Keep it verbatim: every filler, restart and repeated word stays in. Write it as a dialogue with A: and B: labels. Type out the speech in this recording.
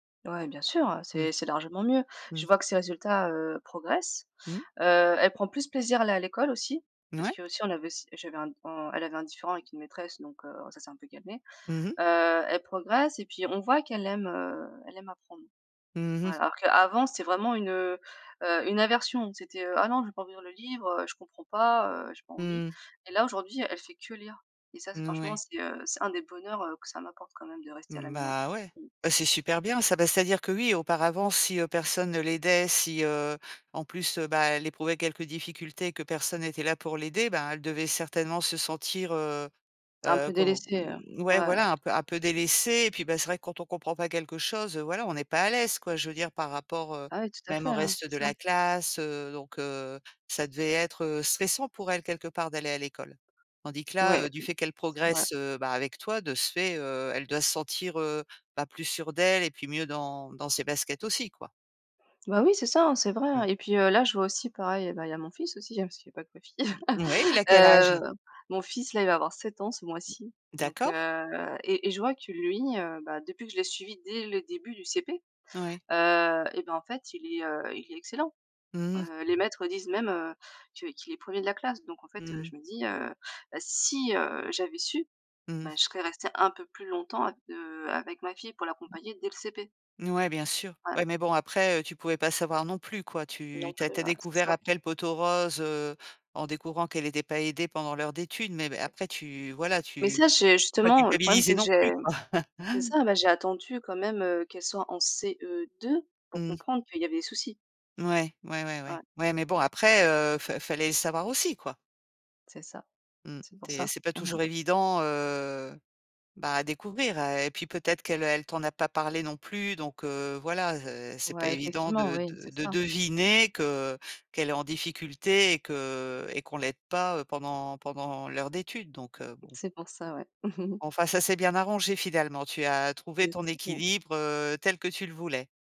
A: Ouais, bien sûr, heu,
B: Mmh.
A: c'est c'est largement mieux. Je
B: Mmh.
A: vois que ses résultats, heu, progressent,
B: Mmh.
A: heu, elle prend plus plaisir à aller à l'école aussi
B: N
A: parce
B: ouais.
A: qu'aussi on avait j'avais un on elle avait un différend avec une maîtresse, donc heu, ça s'est un peu calmé,
B: Mmh mh.
A: heu, elle progresse et puis on voit qu'elle aime, heu, elle aime apprendre.
B: Mmh
A: Ouais,
B: mh.
A: alors qu'avant c'était vraiment une, heu heu, une aversion, c'était, heu: «Ah non! Je veux pas ouvrir le livre, heu, je comprends pas, heu, j'ai pas envie!»
B: Mmh.
A: et là aujourd'hui elle fait que lire et ça c'est,
B: N
A: franchement,
B: oui.
A: c'est, heu, c'est un des bonheurs, heu, que ça m'apporte quand même de rester à la
B: Mmh,
A: maison,
B: bah, ouais,
A: mmh.
B: bah, c'est super bien ça. Bah, c'est-à-dire que oui, auparavant si, heu, personne ne l'aidait si, heu, en plus, heu, bah, elle éprouvait quelques difficultés que personne était là pour l'aider, ben, elle devait certainement se sentir, heu
A: Un
B: heu,
A: peu
B: com
A: délaissée, heu,
B: ouais,
A: ouais.
B: voilà, un peu un peu délaissé et puis, bah, c'est vrai quand on comprend pas quelque chose, heu, voilà, on n'est pas à l'aise quoi, je veux dire par rapport, heu,
A: Ah ouais, tout à
B: même
A: fait,
B: au
A: hein,
B: reste
A: c'était
B: de
A: ça.
B: la classe, heu, donc heu, ça devait être, heu, stressant pour elle, quelque part, d'aller à l'école tandis que là, heu,
A: Ouais,
B: du
A: mmh,
B: fait qu'elle
A: c'est vrai.
B: progresse, heu, bah, avec toi de ce fait, heu, elle doit se sentir, heu, bah, plus sûre d'elle et puis mieux dans dans ses baskets aussi, quoi.
A: Bah, oui, c'est ça, hein, c'est vrai, hein
B: Mmh.
A: et puis, heu, là je vois aussi pareil, heu, bah, il y a mon fils aussi parce qu'il y a pas que ma fille,
B: M mouais, il a quel âge?
A: heu, mon fils, là, il va avoir sept ans ce mois-ci, donc
B: D'accord.
A: heu et et je vois que lui, heu, bah, depuis que je l'ai suivi dès le début du CP,
B: Ouais.
A: heu et bah, en fait, il est, heu, il est excellent,
B: Mmh mh.
A: heu, les maîtres disent même, heu, que qu'il est premier de la classe donc en fait,
B: Mmh
A: heu,
B: mh.
A: je me dis, heu: «Bah si, heu, j'avais su,
B: Mmh.
A: bah je serais restée un peu plus longtemps av heu, avec ma fille pour l'accompagner dès le CP».
B: N ouais, bien sûr.
A: Ouais.
B: Ouais, mais bon après, heu, tu pouvais pas savoir non plus, quoi. Tu
A: Non
B: tu as
A: plus,
B: tu as
A: ouais, c'est
B: découvert
A: ça.
B: après le pot aux roses, heu, en découvrant qu'elle était pas aidée pendant l'heure d'études, mais m après, tu voila,
A: Mais
B: tu
A: ça j'ai
B: faut pas
A: justement le problème
B: culpabiliser
A: c'est que
B: non plus,
A: j'ai
B: quoi.
A: c'est ça, bah, j'ai attendu quand même, heu, qu'elle soit en CE2 pour
B: Mmh.
A: comprendre qu'il y avait des soucis.
B: Ouais, ouais, ouais,
A: Ouais.
B: ouais, ouais mais bon après, heu, fa fallait le savoir aussi, quoi.
A: C'est ça,
B: Mmh,
A: c'est pour
B: c'est
A: ça,
B: c'est pas
A: mmh mh.
B: toujours évident, heu, bah, à découvrir, heu et puis peut-être qu'elle elle t'en a pas parlé non plus, donc heu, voilà, heu, c'est pas
A: Ouais,
B: évident
A: effectivement,
B: de
A: oui,
B: de
A: c'est
B: de
A: ça.
B: deviner que qu'elle est en difficulté et que et qu'on l'aide pas, heu, pendant pendant l'heure d'études, donc heu, bon.
A: C'est pour ça, ouais.
B: Enfin, ça s'est bien arrangé finalement. Tu as trouvé ton
A: [unintelligible]
B: équilibre, heu, tel que tu le voulais.